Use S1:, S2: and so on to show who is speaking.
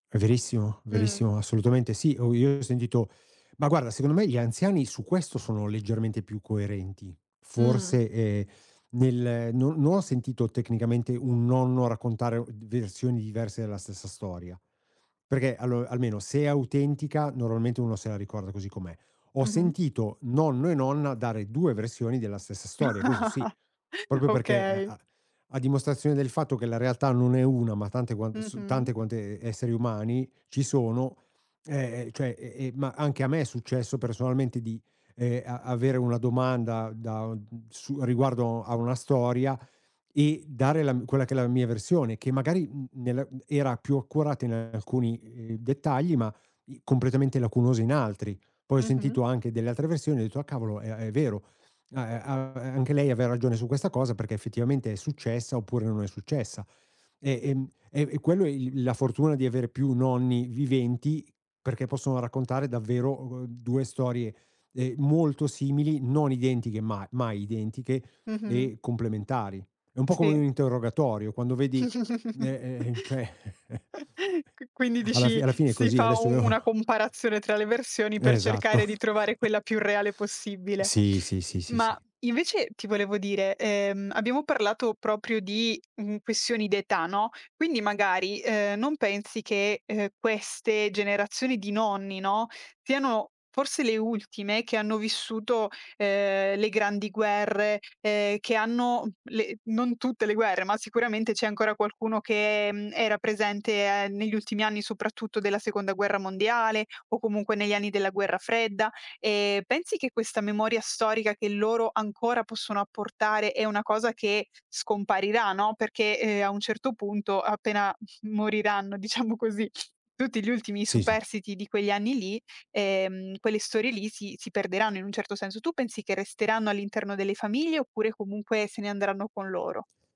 S1: È verissimo,
S2: Mh.
S1: verissimo, assolutamente sì. O io ho sentito ma guarda secondo me gli anziani su questo sono leggermente più coerenti.
S2: Mh.
S1: Forse, ehm, nel non non ho sentito tecnicamente un nonno raccontare o d versioni diverse della stessa storia, perché allo almeno se è autentica normalmente uno se la ricorda così com'è. Ho
S2: Mh-mh.
S1: sentito nonno e nonna dare 2 versioni della stessa storia, questo sì. Proprio perché e
S2: Okay.
S1: a a dimostrazione del fatto che la realtà non è 1, ma tante quante s
S2: Mh-mh.
S1: tante quante e esseri umani ci sono. Ehm, cioè, ehm, ehm, ma anche a me è successo personalmente di, ehm, a avere una domanda da o d su riguardo a una storia e dare la m quella che è la mia versione che magari, mhmm, nella mhmm, era più accurata in alcuni, ehm, dettagli, ma i completamente lacunosa in altri. Poi ho
S2: Mh-mh.
S1: sentito anche delle altre versioni e ho detto: "Ah, cavolo è a è vero, a ehm, a anche lei aveva ragione su questa cosa, perché effettivamente è successa, oppure non è successa". E ehm, e e quello è il la fortuna di avere più nonni viventi perché possono raccontare davvero, uhm, 2 storie, ehm, molto simili, non identiche, ma mai identiche
S2: Mh-mh.
S1: e complementari. È un po' come
S2: Si.
S1: un interrogatorio, quando vedi, n ehm, cioè
S2: Qui quindi
S1: alla fi
S2: dici,
S1: alla fine è
S2: si
S1: così,
S2: fa u
S1: adesso io
S2: una comparazione tra le versioni per
S1: Esatto.
S2: cercare di trovare quella più reale possibile.
S1: Sì, sì, sì, sì,
S2: Ma,
S1: sì.
S2: invece, ti volevo dire, ehm, abbiamo parlato proprio di, mhmm, questioni d'età, no? Quindi magari, ehm, non pensi che, ehm, queste generazioni di nonni, no, siano forse le ultime che hanno vissuto, ehm, le grandi guerre e che hanno le non tutte le guerre, ma sicuramente c'è ancora qualcuno che, mhmm, era presente, ehm, negli ultimi anni, soprattutto della Seconda guerra mondiale o comunque negli anni della Guerra Fredda. Ehm, pensi che questa memoria storica che loro ancora possono apportare è una cosa che scomparirà, no? Perché, ehm, a un certo punto, appena, moriranno, diciamo così, tutti gli ultimi
S1: Sì, sì.
S2: superstiti di quegli anni lì, ehm, quelle storie lì si si perderanno in un certo senso. Tu pensi che resteranno all'interno delle famiglie oppure comunque se ne andranno con loro?